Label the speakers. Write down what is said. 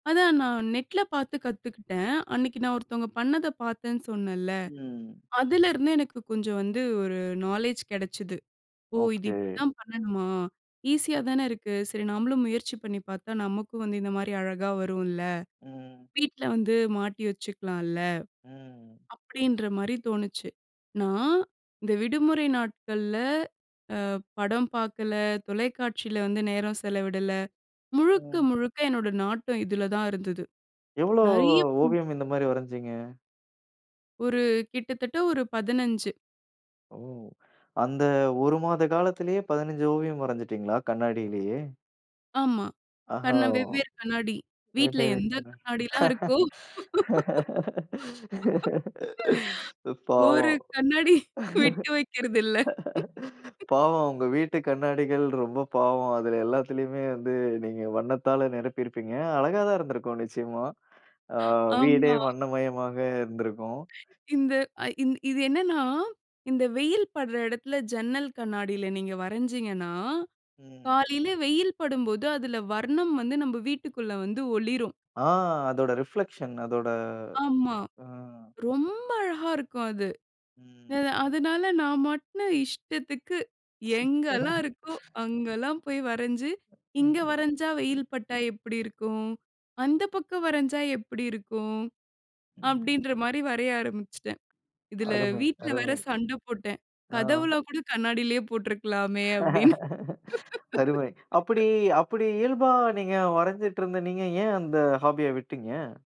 Speaker 1: அதான் நான் நெட்ல பார்த்து கத்துக்கிட்டேன். அன்னக்கி நான் ஒருத்தவுங்க பண்ணத பார்த்தேன்னு சொன்னேன்ல.
Speaker 2: ம்.
Speaker 1: அதுலேருந்து எனக்கு கொஞ்சம் வந்து ஒரு நாலேஜ் கிடைச்சிது. ஓ! இது
Speaker 2: ஓகே.
Speaker 1: இப்பிடிதான் பண்ணணுமா? ஈஸியா தானே இருக்கு. சரி, நாமளும் முயற்சி பண்ணி பார்த்தா, நமக்கும் வந்து இந்தமாரி அழகா வரும்ல.
Speaker 2: ம்.
Speaker 1: வீட்ல வந்து மாட்டி வச்சுக்கலான்ல.
Speaker 2: ம்.
Speaker 1: அப்பிடின்றமாரி தோணுச்சு. நான் இந்த விடுமுறை நாட்கள்ல அ படம் பார்க்கல, தொலைக்காட்சியில வந்து நேரம் செலவிடல. முழுக்க,
Speaker 2: ம்.
Speaker 1: முழுக்க என்னுடைய நாட்டம் இதில தான் இருந்தது.
Speaker 2: எவ்ளோ
Speaker 1: நெறைய ம்.
Speaker 2: ஓவியம், இந்த மாரி வரஞ்சீங்க?
Speaker 1: ஒரு கிட்டத்தட்ட ஒரு 15
Speaker 2: ஓ! அந்த ஒரு மாத காலத்திலேயே, 15 ஓவியம் வரஞ்சுட்டீங்களா, கண்ணாடிலயே!
Speaker 1: ஆமா.
Speaker 2: ஆஹா!
Speaker 1: கண்ண
Speaker 2: ஓ!
Speaker 1: வெவ்வேறு கண்ணாடி. வீட்ல எந்த கண்ணாடிலாம் இருக்கோ
Speaker 2: [unintelligible]
Speaker 1: ஒரு
Speaker 2: பாவம்
Speaker 1: கண்ணாடி விட்டு வைக்கிறதில்ல
Speaker 2: பாவம். உங்க வீட்டு கண்ணாடிகள் ரொம்ப பாவம். அதில எல்லாத்திலயுமே வந்து நீங்க வண்ணத்தால நிரப்பி இருப்பீங்க! அழகா தான் இருந்திருக்கும். நிச்சயமா. ஆ வீடே
Speaker 1: ஆமா.
Speaker 2: வண்ணமயமாக இருந்திருக்கும்.
Speaker 1: இந்த அ இ இது என்னன்னா, இந்த வெயில் படுற இடத்தில, ஜன்னல் கண்ணாடில நீங்க வரஞ்சீங்கன்னா,
Speaker 2: ம்.
Speaker 1: காலைல வெயில் படும்போது, அதில வர்ணம் வந்து நம்ப வீட்டுக்குள்ள வந்து ஒளிரும்.
Speaker 2: ஆ, அதோட ரிஃப்ளெக்ஷன் அதோட
Speaker 1: ஆமா.
Speaker 2: அ.
Speaker 1: ரொம்ப அழகா இருக்கும் அது.
Speaker 2: ம்.
Speaker 1: எத அதனால, நான் மாட்டுன்னு இஷ்டத்துக்கு எங்கெல்லாம் இருக்கோ,
Speaker 2: [unintelligible]
Speaker 1: அங்கெல்லாம் போய் வரஞ்சு, இங்க
Speaker 2: ம்ஹ்ம்.
Speaker 1: வரஞ்சா வெயில் பட்டா எப்பிடி இருக்கும்? அந்த பக்கம் வரஞ்சா எப்பிடி இருக்கும்?
Speaker 2: ம்.
Speaker 1: அப்பிடின்றமாரி வரைய ஆரம்பிச்சுட்டேன். இதில
Speaker 2: அருமை,
Speaker 1: வீட்ல வேற
Speaker 2: அருமை.
Speaker 1: சண்ட போட்டேன்.
Speaker 2: ஆ.
Speaker 1: கதவுல்லாம் கூட கண்ணாடிலயே போட்ருக்கலாமே! அப்பிடின்னு
Speaker 2: அருமை. அப்பிடி அப்பிடி இயல்பா நீங்க வரஞ்சிட்டு இருந்த நீங்க, ஏன் அந்த ஹாபிய விட்டீங்க?